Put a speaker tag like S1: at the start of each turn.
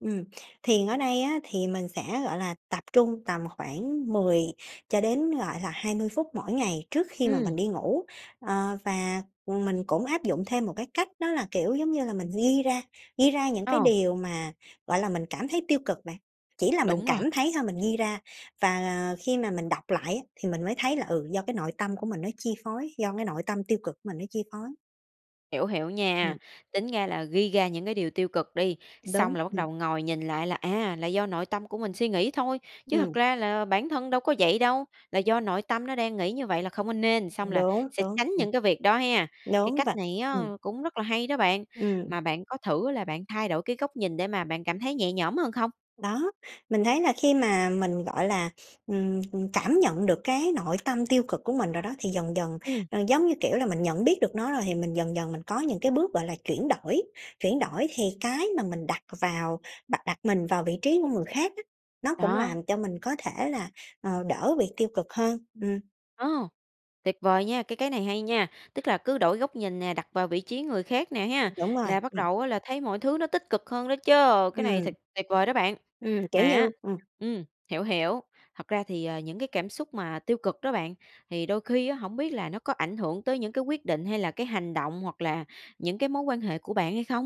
S1: Ừm, thiền ở đây á thì mình sẽ, gọi là, tập trung tầm khoảng 10 cho đến, gọi là, 20 phút mỗi ngày trước khi mà mình
S2: Ừm.
S1: đi ngủ. Ờ, và, ừm, mình cũng áp dụng thêm một cái cách đó là, kiểu giống như là, mình ghi ra ghi ra những cái
S2: Ồ.
S1: điều mà, gọi là, mình cảm thấy tiêu cực bạn. Chỉ là mình
S2: Đúng rồi.
S1: cảm thấy thôi, mình ghi ra và khi mà mình đọc lại á thì mình mới thấy là ừ, do cái nội tâm của mình nó chi phối, do cái nội tâm tiêu cực mình nó chi phối.
S2: Hiểu, hiểu nha,
S1: Ừm.
S2: tính ra là ghi ra những cái điều tiêu cực đi,
S1: Đúng,
S2: xong là bắt
S1: ừm.
S2: đầu ngồi nhìn lại là à, là do nội tâm của mình suy nghĩ thôi, chứ thật
S1: Ừm.
S2: ra là bản thân đâu có vậy đâu, là do nội tâm nó đang nghĩ như vậy là không có nên, xong là
S1: Đúng,
S2: sẽ
S1: đúng,
S2: tránh
S1: ừm.
S2: những cái việc đó ha cái
S1: Đúng v
S2: cách này á
S1: ừm.
S2: cũng rất là hay đó bạn.
S1: Ừm.
S2: Mà bạn có thử là bạn thay đổi cái góc nhìn để mà bạn cảm thấy nhẹ nhõm hơn không?
S1: Đó, mình thấy là khi mà mình, gọi là, ừm, cảm nhận được cái nội tâm tiêu cực của mình rồi đó thì dần dần,
S2: Ừm.
S1: ờ, giống như, kiểu, là mình nhận biết được nó rồi thì mình dần dần mình có những cái bước, gọi là, chuyển đổi. Chuyển đổi thì cái mà mình đặt vào đặt đặt mình vào vị trí của người khác á, nó cũng
S2: Đó.
S1: làm cho mình có thể là, ờ, đỡ bị tiêu cực hơn, ừm.
S2: Ô! Tuyệt vời nha, cái cái này hay nha! Tức là cứ đổi góc nhìn nè, đặt vào vị trí người khác nè ha,
S1: Đúng rồi,
S2: là bắt
S1: ừm.
S2: đầu á là thấy mọi thứ nó tích cực hơn đó chứ, cái này
S1: Ừm.
S2: thật tuyệt vời đó bạn!
S1: Ừm, kiểu
S2: Mà á
S1: như ừm.
S2: ừm, hiểu, hiểu, thật ra thì, ờ, những cái cảm xúc mà tiêu cực đó bạn, thì đôi khi á hổng biết là nó có ảnh hưởng tới những cái quyết định hay là cái hành động hoặc là những cái mối quan hệ của bạn hay không?